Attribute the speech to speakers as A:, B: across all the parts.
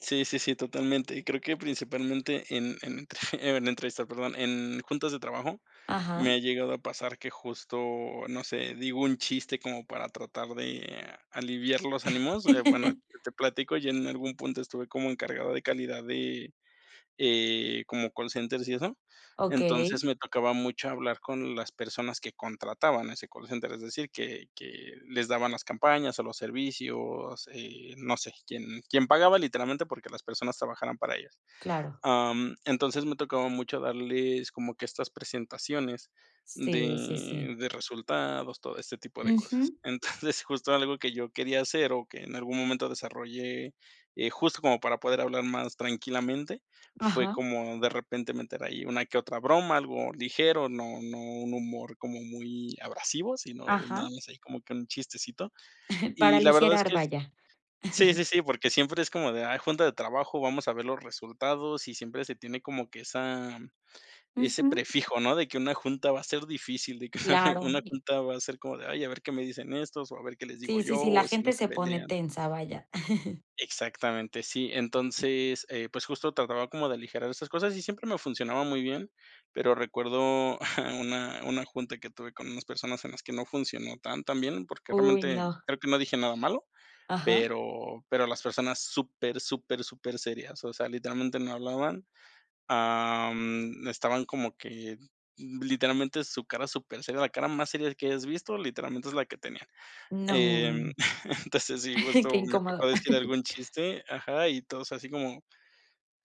A: Sí, sí, sí, totalmente. Y creo que principalmente, en entre en la entrevista, perdón, en juntas de trabajo, me
B: Ajá.
A: ha llegado a pasar que justo, no sé, digo un chiste como para tratar, de aliviar los ánimos. Eh, bueno, te platico, yo en algún punto, estuve como encargado de calidad, de, eh, como call centers y eso, entonces,
B: Okey.
A: me tocaba mucho hablar con las personas, que contrataban ese call center, es decir, que que les daban las campañas o los servicios, eh, no sé, quién quién pagaba literalmente, porque las personas trabajaran para ellas.
B: Claro.
A: Am, entonces, me tocaba mucho darles como, que estas presentaciones,
B: Sí, sí, sí.
A: de de resultados, todo este tipo de cosas.
B: Ujú.
A: Entonces justo algo que yo quería hacer, o que en algún momento desarrollé, eh, justo, como para poder hablar más tranquilamente, fue
B: Ajá.
A: como de repente, meter ahí una que otra broma, algo ligero, no no un humor como muy abrasivo, sino,
B: Ajá.
A: nada más, ahí como que un chistecito.
B: Para
A: Y la verdad es
B: aligerar,
A: que es
B: vaya.
A: sí, sí, sí, porque siempre es como de: "Ay, junta de trabajo, vamos a ver los resultados", y siempre se tiene como, que esa ese
B: Ujú.
A: prefijo, ¿no? De que una junta va a ser difícil, de que
B: Claro,
A: una
B: y
A: junta, va a ser como de: "Ay, a ver qué me dicen estos, o a ver qué les digo
B: Sí, sí,
A: yo,
B: sí, la
A: o si no
B: gente
A: se
B: se pone
A: pelean".
B: tensa, vaya.
A: Exactamente, sí. Entonces, eh, pues justo trataba como de aligerar esas cosas, y siempre me funcionaba muy bien, pero recuerdo una una junta que tuve, con unas personas, en las que no funcionó tan, tan bien, porque
B: Uy,
A: realmente,
B: no.
A: creo que no dije nada malo,
B: Ajá.
A: pero pero las personas, súper, súper, súper serias, o sea, literalmente no hablaban, am, estaban como que literalmente, su cara super seria, la cara más seria que hayas visto, literalmente es la que tenían. Em,
B: No.
A: entonces, sí,
B: Qué
A: justo me tocó
B: incómodo.
A: decir algún chiste, ajá, y todos, así como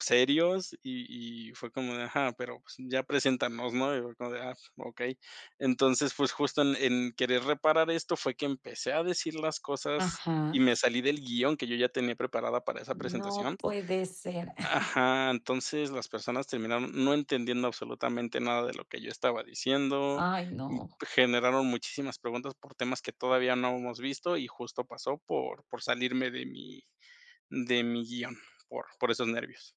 A: serios y y fue como de ajá, pero, pues, ya preséntanos, ¿no? Y fue como de: "Ah, okey". Entonces, pues justo, en en querer, reparar esto fue que empecé a decir las cosas, y
B: Ajá
A: me salí del guion que yo ya tenía preparado para esa
B: No
A: presentación
B: puede ser.
A: Ajá, entonces, las personas terminaron, no entendiendo absolutamente nada, de lo que yo estaba diciendo,
B: Ay,
A: y
B: no.
A: generaron muchísimas preguntas, por temas que todavía no habíamos visto y justo pasó por por salirme de mi de mi guión, por por esos nervios.